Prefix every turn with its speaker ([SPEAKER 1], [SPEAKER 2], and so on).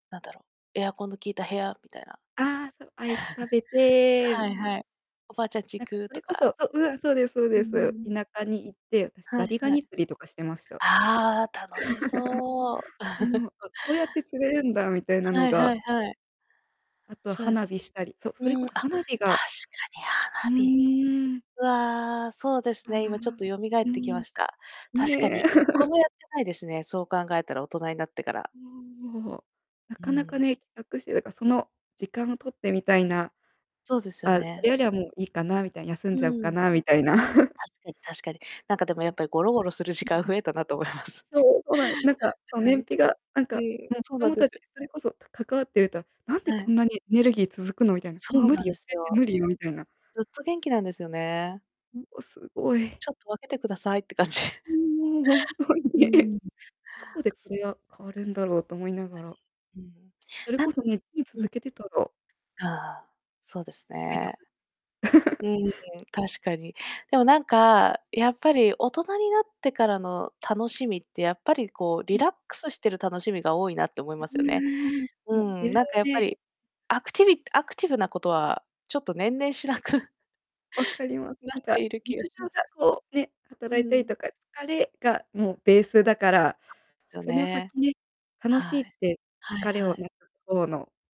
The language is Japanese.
[SPEAKER 1] なんだろう、エアコンの効いた部屋みたいな。
[SPEAKER 2] ああ、そう、アイス食べて み
[SPEAKER 1] はい
[SPEAKER 2] たいな。
[SPEAKER 1] はい、おばあちゃんち行
[SPEAKER 2] なんか
[SPEAKER 1] く
[SPEAKER 2] そ
[SPEAKER 1] と
[SPEAKER 2] れこそ
[SPEAKER 1] か。
[SPEAKER 2] ううわ、そうです、そう
[SPEAKER 1] うん
[SPEAKER 2] で
[SPEAKER 1] うんう
[SPEAKER 2] す。
[SPEAKER 1] ん。
[SPEAKER 2] 田舎に行って、私
[SPEAKER 1] は
[SPEAKER 2] ザ
[SPEAKER 1] い
[SPEAKER 2] リガ
[SPEAKER 1] はい。
[SPEAKER 2] ニ釣りとかしてました。
[SPEAKER 1] ああ、楽し そう。
[SPEAKER 2] うん、あ、こうやって釣れるんだみたいな
[SPEAKER 1] は
[SPEAKER 2] の
[SPEAKER 1] いは
[SPEAKER 2] が。
[SPEAKER 1] いはい。
[SPEAKER 2] あと
[SPEAKER 1] そで
[SPEAKER 2] 花
[SPEAKER 1] す。
[SPEAKER 2] 火したり、そ、
[SPEAKER 1] う
[SPEAKER 2] それこ
[SPEAKER 1] ん、あ、
[SPEAKER 2] そ
[SPEAKER 1] 確
[SPEAKER 2] 花火が
[SPEAKER 1] かに
[SPEAKER 2] う
[SPEAKER 1] 花火。
[SPEAKER 2] ーん。
[SPEAKER 1] わあ、そうです
[SPEAKER 2] ああ、
[SPEAKER 1] ね、今ちょっと蘇
[SPEAKER 2] う
[SPEAKER 1] ってき
[SPEAKER 2] ん、
[SPEAKER 1] ました。確かに
[SPEAKER 2] ね。
[SPEAKER 1] 1個 もやってないですね。そう考えたら大人になってから。
[SPEAKER 2] そお、な
[SPEAKER 1] う
[SPEAKER 2] かなか
[SPEAKER 1] ん。
[SPEAKER 2] ね、企画して、だからその時間を取ってみたいな。
[SPEAKER 1] そうですよ
[SPEAKER 2] あ、そ
[SPEAKER 1] ね。
[SPEAKER 2] れよりはもういいかなみたいな、休んじ
[SPEAKER 1] う
[SPEAKER 2] ゃおうか
[SPEAKER 1] ん。
[SPEAKER 2] なみたいな。
[SPEAKER 1] 確かに確かに。なんかでもや
[SPEAKER 2] う
[SPEAKER 1] っ
[SPEAKER 2] ん。
[SPEAKER 1] ぱりゴロゴロする時
[SPEAKER 2] うん
[SPEAKER 1] 間
[SPEAKER 2] うん。
[SPEAKER 1] 増えたなと思います。
[SPEAKER 2] そう、そうななんか、そう、
[SPEAKER 1] は
[SPEAKER 2] 燃
[SPEAKER 1] い。
[SPEAKER 2] 費が、なん
[SPEAKER 1] え
[SPEAKER 2] か、
[SPEAKER 1] え、
[SPEAKER 2] もう子
[SPEAKER 1] そうなん
[SPEAKER 2] 供
[SPEAKER 1] で
[SPEAKER 2] た
[SPEAKER 1] す
[SPEAKER 2] ちに
[SPEAKER 1] よ。
[SPEAKER 2] それこそか関わってると、なんで
[SPEAKER 1] は
[SPEAKER 2] こ
[SPEAKER 1] い。
[SPEAKER 2] んなにエネルギー続くの？みたいな。
[SPEAKER 1] そ
[SPEAKER 2] もう
[SPEAKER 1] う
[SPEAKER 2] 無
[SPEAKER 1] な
[SPEAKER 2] 理
[SPEAKER 1] ん
[SPEAKER 2] よ、
[SPEAKER 1] です
[SPEAKER 2] 全然
[SPEAKER 1] よ。
[SPEAKER 2] 無理よみたいな。
[SPEAKER 1] ずっと元気なんですよね。
[SPEAKER 2] もうすごい。
[SPEAKER 1] ちょっと分けてくださいって感じ。
[SPEAKER 2] もう本当に
[SPEAKER 1] う
[SPEAKER 2] ね、
[SPEAKER 1] ん。
[SPEAKER 2] どこでこれが変わるんだろうと思いな
[SPEAKER 1] な
[SPEAKER 2] がら。
[SPEAKER 1] に、うん。
[SPEAKER 2] それ
[SPEAKER 1] な
[SPEAKER 2] こ
[SPEAKER 1] ん
[SPEAKER 2] そね、つい
[SPEAKER 1] うん。
[SPEAKER 2] 続けてたら
[SPEAKER 1] ああ、そうです
[SPEAKER 2] 体力。
[SPEAKER 1] ね。う ん、確かに。でもなんか、やっぱり大人になってからの楽しみって、やっぱりこう
[SPEAKER 2] う
[SPEAKER 1] リ
[SPEAKER 2] ん。
[SPEAKER 1] ラックスしてる楽しみが多いなって思い
[SPEAKER 2] う
[SPEAKER 1] ますよね。
[SPEAKER 2] ーん、
[SPEAKER 1] う
[SPEAKER 2] もう
[SPEAKER 1] ん、
[SPEAKER 2] 余裕
[SPEAKER 1] なんかやっぱ
[SPEAKER 2] で。
[SPEAKER 1] りアクティビアクティブなことはちょっと年々しなく
[SPEAKER 2] わかります。
[SPEAKER 1] な
[SPEAKER 2] な
[SPEAKER 1] っ
[SPEAKER 2] んか
[SPEAKER 1] ている気
[SPEAKER 2] 日
[SPEAKER 1] がし
[SPEAKER 2] 常
[SPEAKER 1] ます。
[SPEAKER 2] がこうね、
[SPEAKER 1] う
[SPEAKER 2] 働いたり
[SPEAKER 1] ん。
[SPEAKER 2] とか、疲れがもうベースだから、
[SPEAKER 1] そうですよ
[SPEAKER 2] その
[SPEAKER 1] ね。
[SPEAKER 2] 先ね、楽し
[SPEAKER 1] は
[SPEAKER 2] いっ
[SPEAKER 1] い。
[SPEAKER 2] て
[SPEAKER 1] はい
[SPEAKER 2] 疲れ
[SPEAKER 1] は
[SPEAKER 2] を
[SPEAKER 1] い。
[SPEAKER 2] なくす方の。